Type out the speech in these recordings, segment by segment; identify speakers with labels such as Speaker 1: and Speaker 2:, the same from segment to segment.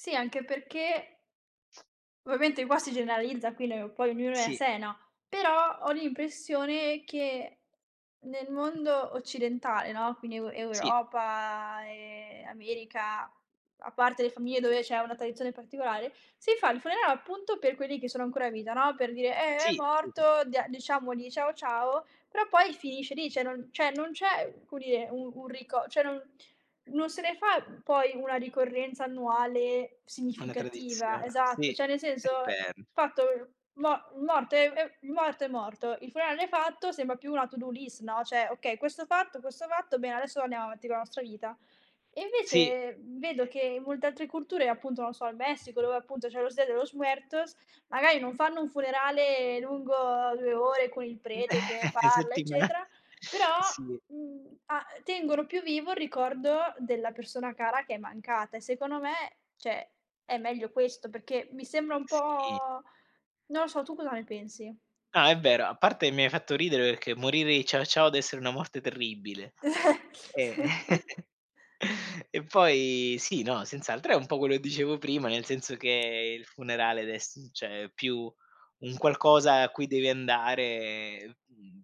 Speaker 1: Sì, anche perché ovviamente qua si generalizza qui noi, poi ognuno è a
Speaker 2: Sì.
Speaker 1: sé, no, però ho l'impressione che nel mondo occidentale, no quindi Eu
Speaker 2: Sì.
Speaker 1: Europa e America, a parte le famiglie dove c'è una tradizione particolare, si fa il funerale appunto per quelli che sono ancora in vita, no, per dire: "Eh, è
Speaker 2: Sì, sì, sì.
Speaker 1: morto, dia diciamogli ciao, ciao." Però poi finisce lì, cioè, non cioè non c'è, come dire, un un rico cioè, non non se ne fa poi una ricorrenza annuale
Speaker 2: Una
Speaker 1: significativa,
Speaker 2: tradizio
Speaker 1: esatto,
Speaker 2: sì
Speaker 1: cioè, nel
Speaker 2: è
Speaker 1: senso,
Speaker 2: vero.
Speaker 1: fatto mo morto è è morto è morto, il funerale fatto sembra più una to do list no, cioè: "Okay questo fatto questo fatto, bene, adesso andiamo avanti con la nostra vita." E
Speaker 2: Sì.
Speaker 1: invece vedo che in molte altre culture, appunto, non so, il Messico dove appunto c'è "Los Dia de los Muertos", magari non fanno un funerale lungo 2 ore con il prete che parla
Speaker 2: Settima
Speaker 1: eccetera, però,
Speaker 2: sì.
Speaker 1: mhmm, a tengono più vivo il ricordo della persona cara che è mancata e secondo me cioè, è meglio questo, perché mi sembra un
Speaker 2: Sì.
Speaker 1: po' non lo so, tu cosa ne pensi?
Speaker 2: No è vero, a parte che mi hai fatto ridere perché morire di "ciao, ciao" dev'essere una morte terribile e e poi sì, no, senz'altro è un po' quello che dicevo prima, nel senso che il funerale deve esse cioè, più un qualcosa a cui devi andare e mhmm,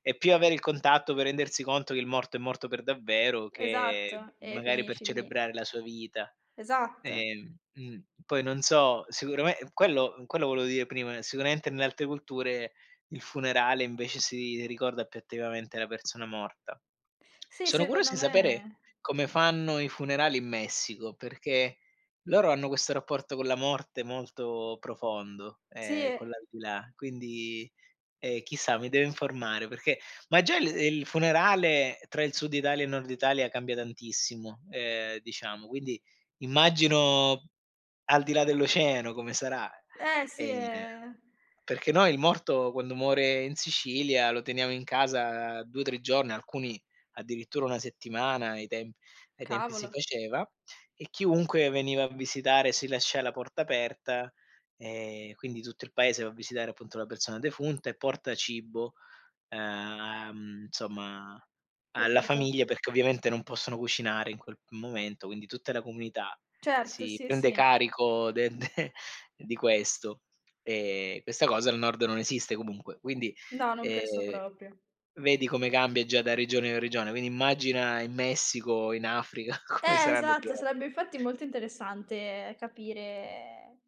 Speaker 2: è più avere il contatto per rendersi conto che il morto è morto per davvero, che
Speaker 1: Esatto, e
Speaker 2: magari per
Speaker 1: finisci lì.
Speaker 2: celebrare la sua vita.
Speaker 1: Esatt
Speaker 2: Ehm mh, poi non so, sicurame quello quello volevo dire prima, sicuramente nelle altre culture il funerale, invece si ricorda più attivamente la persona morta.
Speaker 1: Sì,
Speaker 2: Sono curioso
Speaker 1: secondo
Speaker 2: di sapere
Speaker 1: me
Speaker 2: come fanno i funerali in Messico, perché loro hanno questo rapporto con la morte molto profondo,
Speaker 1: Sì
Speaker 2: ehm, con
Speaker 1: e
Speaker 2: l'aldilà, quindi e chissà, mi devo informare perché ma già il il funerale tra il sud Italia e il nord Italia cambia tantissimo, ehm, diciamo, quindi immagino al di là dell'oceano come sarà.
Speaker 1: Eh, sì
Speaker 2: Ehm,
Speaker 1: è
Speaker 2: perché noi il morto, quando muore in Sicilia, lo teniamo in casa 2-3 giorni, alcuni addirittura 1 settimana; ai temp ai tempi si
Speaker 1: Cavolo.
Speaker 2: faceva e chiunque veniva a visitare. Si lascia la porta aperta e quindi tutto il paese va a visitare, appunto, la persona defunta e porta cibo, uhm, insomma alla
Speaker 1: Capito.
Speaker 2: famiglia, perché ovviamente non possono cucinare in quel momento, quindi tutta la comunità
Speaker 1: Certo,
Speaker 2: si
Speaker 1: sì,
Speaker 2: prende
Speaker 1: sì.
Speaker 2: carico de de di questo, e questa cosa al nord non esiste comunque. Quindi,
Speaker 1: No, non penso
Speaker 2: ehm,
Speaker 1: proprio.
Speaker 2: vedi come cambia già da regione a regione, quindi immagina in Messico, in Africa come
Speaker 1: Eh
Speaker 2: saranno
Speaker 1: esatto,
Speaker 2: diversi.
Speaker 1: sarebbe infatti molto interessante capire